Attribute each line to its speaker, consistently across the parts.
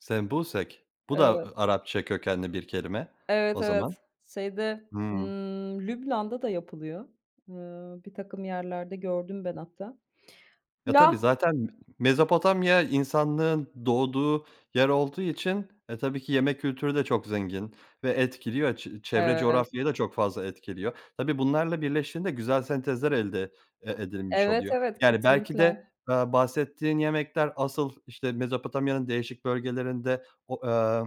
Speaker 1: Sembusek bu da
Speaker 2: Evet.
Speaker 1: a Arapça kökenli bir kelime
Speaker 2: Evet,
Speaker 1: o zaman,
Speaker 2: evet, şeyde,
Speaker 1: hımm.
Speaker 2: ımm, Lübnan'da da yapılıyor, ımm, birtakım yerlerde gördüm ben hatta,
Speaker 1: Ya, tabii
Speaker 2: la
Speaker 1: zaten Mezopotamya, insanlığın doğduğu yer olduğu için e, tabii ki yemek kültürü de çok zengin ve etkiliyor, çe çevre
Speaker 2: Evet.
Speaker 1: coğrafyayı da çok fazla etkiliyor. Tabii bunlarla birleştiğinde güzel sentezler elde e edilmiş
Speaker 2: Evet,
Speaker 1: oluyor.
Speaker 2: evet,
Speaker 1: Yani, belki
Speaker 2: kesinlikle.
Speaker 1: de, aaa, bahsettiğin yemekler asıl, işte, Mezopotamya'nın değişik bölgelerinde o, eee,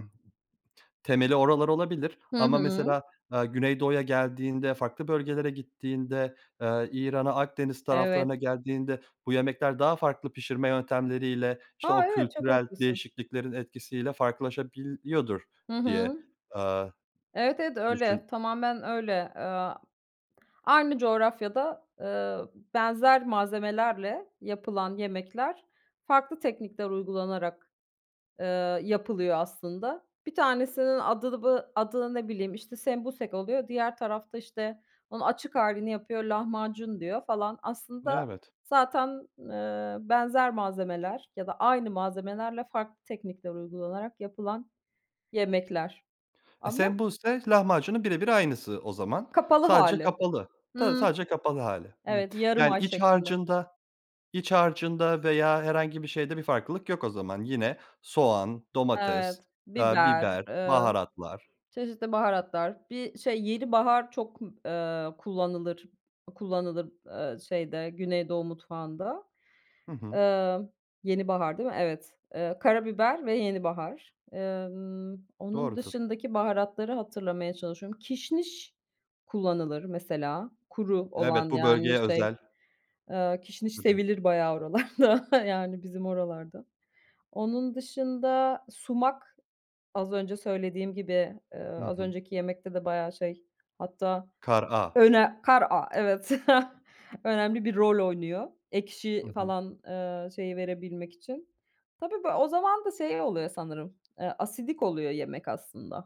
Speaker 1: temeli oralar olabilir,
Speaker 2: Hı
Speaker 1: ama
Speaker 2: hı.
Speaker 1: mesela, aaa, Güneydoğu'ya geldiğinde farklı bölgelere gittiğinde, eee, İran'a Akdeniz
Speaker 2: Evet.
Speaker 1: taraflarına geldiğinde bu yemekler daha farklı pişirme yöntemleriyle, işte,
Speaker 2: A!
Speaker 1: o
Speaker 2: Evet, çok
Speaker 1: kültürel
Speaker 2: haklısın.
Speaker 1: değişikliklerin etkisiyle farklılaşabiliyordur
Speaker 2: Hı
Speaker 1: diye,
Speaker 2: hı.
Speaker 1: aaa,
Speaker 2: Evet, evet öyle,
Speaker 1: düşün
Speaker 2: tamamen öyle. Eee, aynı coğrafyada, eee, benzer malzemelerle yapılan yemekler, farklı teknikler uygulanarak, eee, yapılıyor aslında. Bir tanesinin adı bı adı ne bileyim işte sembusek oluyor, diğer tarafta, işte, onun açık halini yapıyor, lahmacun diyor falan. Aslında,
Speaker 1: Evet.
Speaker 2: zaten, eee, benzer malzemeler ya da aynı malzemelerle, farklı teknikler uygulanarak yapılan yemekler,
Speaker 1: E,
Speaker 2: ama
Speaker 1: sembusek, lahmacunun birebir aynısı o zaman,
Speaker 2: Kapalı
Speaker 1: sadece
Speaker 2: hâli,
Speaker 1: kapalı tabii
Speaker 2: hımm,
Speaker 1: sadece kapalı hâli, hımm.
Speaker 2: evet yarım
Speaker 1: Yani,
Speaker 2: ay
Speaker 1: iç
Speaker 2: şeklinde.
Speaker 1: harcında iç harcında veya herhangi bir şeyde bir farklılık yok o zaman, yine soğan, domates,
Speaker 2: Evet,
Speaker 1: eee,
Speaker 2: biber,
Speaker 1: biber,
Speaker 2: eee,
Speaker 1: baharatlar.
Speaker 2: çeşitli baharatlar, bir, şey, yenibahar çok, eee, kullanılır, kullanılır, eee, şeyde Güneydoğu mutfağında.
Speaker 1: Hı hı.
Speaker 2: Eee, yenibahar değil mi? Evet, evet, karabiber ve yenibahar. Emm, onun
Speaker 1: Doğrudur.
Speaker 2: dışındaki baharatları hatırlamaya çalışıyorum, kişniş kullanılır mesela, kuru
Speaker 1: Evet,
Speaker 2: olan,
Speaker 1: bu
Speaker 2: yani,
Speaker 1: bölgeye
Speaker 2: şey,
Speaker 1: özel.
Speaker 2: eee, kişniş
Speaker 1: Tabii.
Speaker 2: sevilir bayağı oralarda, yani, bizim oralarda. Onun dışında, sumak, az önce söylediğim gibi, eee,
Speaker 1: Hı
Speaker 2: az
Speaker 1: hı.
Speaker 2: önceki yemekte de bayağı şey, hatta
Speaker 1: Kar a.
Speaker 2: öne kar a evet önemli bir rol oynuyor,
Speaker 1: Hı
Speaker 2: ekşi
Speaker 1: hı.
Speaker 2: falan, eee, şeyi verebilmek için. Tabii bir o zaman da şey oluyor sanırım e, asidik oluyor yemek aslında.